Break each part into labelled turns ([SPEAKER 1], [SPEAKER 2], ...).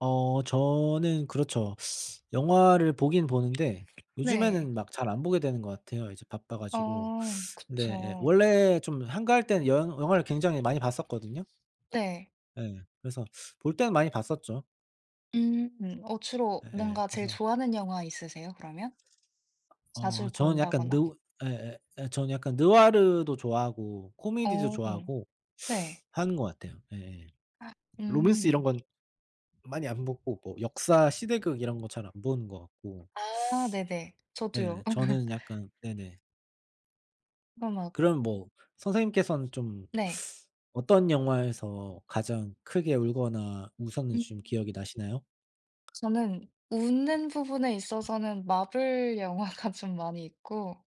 [SPEAKER 1] 어 저는 그렇죠. 영화를 보긴 보는데
[SPEAKER 2] 네.
[SPEAKER 1] 요즘에는 막 잘 안 보게 되는 것 같아요. 이제 바빠 가지고.
[SPEAKER 2] 아
[SPEAKER 1] 근데
[SPEAKER 2] 그쵸.
[SPEAKER 1] 원래 좀 한가할 때는 영 영화를 굉장히 많이 봤었거든요.
[SPEAKER 2] 네.
[SPEAKER 1] 예. 그래서 볼 때는 많이 봤었죠.
[SPEAKER 2] 음. 어 주로
[SPEAKER 1] 예예.
[SPEAKER 2] 뭔가 제일
[SPEAKER 1] 그래서
[SPEAKER 2] 좋아하는 영화 있으세요 그러면? 자주
[SPEAKER 1] 어 저는 약간
[SPEAKER 2] 본다거나.
[SPEAKER 1] 느 예, 예, 예, 전 약간 느와르도 좋아하고 코미디도
[SPEAKER 2] 어.
[SPEAKER 1] 좋아하고
[SPEAKER 2] 네.
[SPEAKER 1] 하는 것 같아요. 예예.
[SPEAKER 2] 아.
[SPEAKER 1] 로맨스 이런
[SPEAKER 2] 음.
[SPEAKER 1] 건 많이 안 보고 뭐 역사 시대극 이런 거 잘 안 보는 것 같고
[SPEAKER 2] 아 네네. 저도요.
[SPEAKER 1] 네. 저는 약간 네네.
[SPEAKER 2] 마 막
[SPEAKER 1] 그럼 뭐 선생님께서는 좀
[SPEAKER 2] 네.
[SPEAKER 1] 어떤 영화에서 가장 크게 울거나
[SPEAKER 2] 음.
[SPEAKER 1] 웃었는지 좀 기억이 나시나요?
[SPEAKER 2] 저는 웃는 부분에 있어서는 마블 영화가 좀 많이 있고.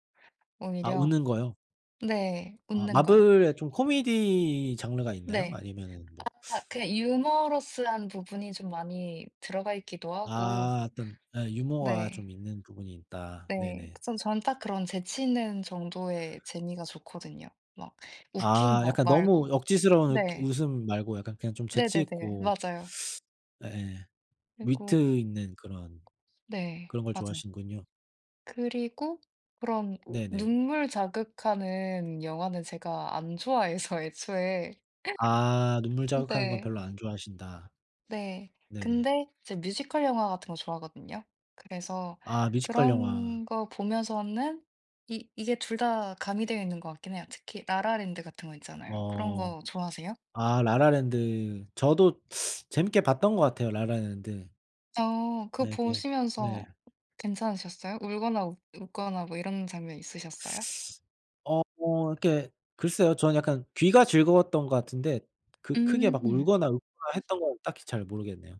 [SPEAKER 2] 네네.
[SPEAKER 1] 아
[SPEAKER 2] 오히려.
[SPEAKER 1] 웃는 거요?
[SPEAKER 2] 네네. 네
[SPEAKER 1] 아
[SPEAKER 2] 웃는 거요.
[SPEAKER 1] 마블에 좀 코미디 장르가 있나요?
[SPEAKER 2] 네.
[SPEAKER 1] 아니면은 뭐
[SPEAKER 2] 아 그냥 유머러스한 부분이 좀 많이 들어가 있기도 하고
[SPEAKER 1] 아 어떤 예. 유머가
[SPEAKER 2] 네.
[SPEAKER 1] 좀 있는 부분이 있다.
[SPEAKER 2] 네.
[SPEAKER 1] 네네.
[SPEAKER 2] 그 전 전 딱 그런 재치 있는 정도의 재미가 좋거든요. 막 웃긴
[SPEAKER 1] 아
[SPEAKER 2] 거
[SPEAKER 1] 약간 너무
[SPEAKER 2] 말고.
[SPEAKER 1] 억지스러운 이렇게
[SPEAKER 2] 네.
[SPEAKER 1] 웃음 말고 약간 그냥 좀 재치
[SPEAKER 2] 네네네.
[SPEAKER 1] 있고
[SPEAKER 2] 맞아요.
[SPEAKER 1] 예예.
[SPEAKER 2] 그리고
[SPEAKER 1] 위트 있는 그런
[SPEAKER 2] 네.
[SPEAKER 1] 그런 걸
[SPEAKER 2] 맞아요.
[SPEAKER 1] 좋아하시는군요.
[SPEAKER 2] 그리고 그런
[SPEAKER 1] 네네.
[SPEAKER 2] 눈물 자극하는 영화는 제가 안 좋아해서 애초에.
[SPEAKER 1] 아. 눈물 자극하는 건
[SPEAKER 2] 네.
[SPEAKER 1] 별로 안 좋아하신다.
[SPEAKER 2] 네.
[SPEAKER 1] 네네.
[SPEAKER 2] 근데 제가 뮤지컬 영화 같은 거 좋아하거든요. 그래서
[SPEAKER 1] 아 뮤지컬 영화
[SPEAKER 2] 그런 거 보면서는 이 이게 둘 다 가미되어 있는 것 같긴 해요. 특히 라라랜드 같은 거 있잖아요. 그런
[SPEAKER 1] 어.
[SPEAKER 2] 거 좋아하세요?
[SPEAKER 1] 아 라라랜드. 저도 재밌게 봤던 거 같아요. 라라랜드.
[SPEAKER 2] 어. 그
[SPEAKER 1] 네 이게 네.
[SPEAKER 2] 보시면서 괜찮으셨어요? 울거나 웃 웃거나 뭐 이런 장면 있으셨어요?
[SPEAKER 1] 어 뭐 이렇게 글쎄요. 저는 약간 귀가 즐거웠던 것 같은데 그 크게 막
[SPEAKER 2] 음.
[SPEAKER 1] 울거나 웃거나 했던 건 딱히 잘 모르겠네요.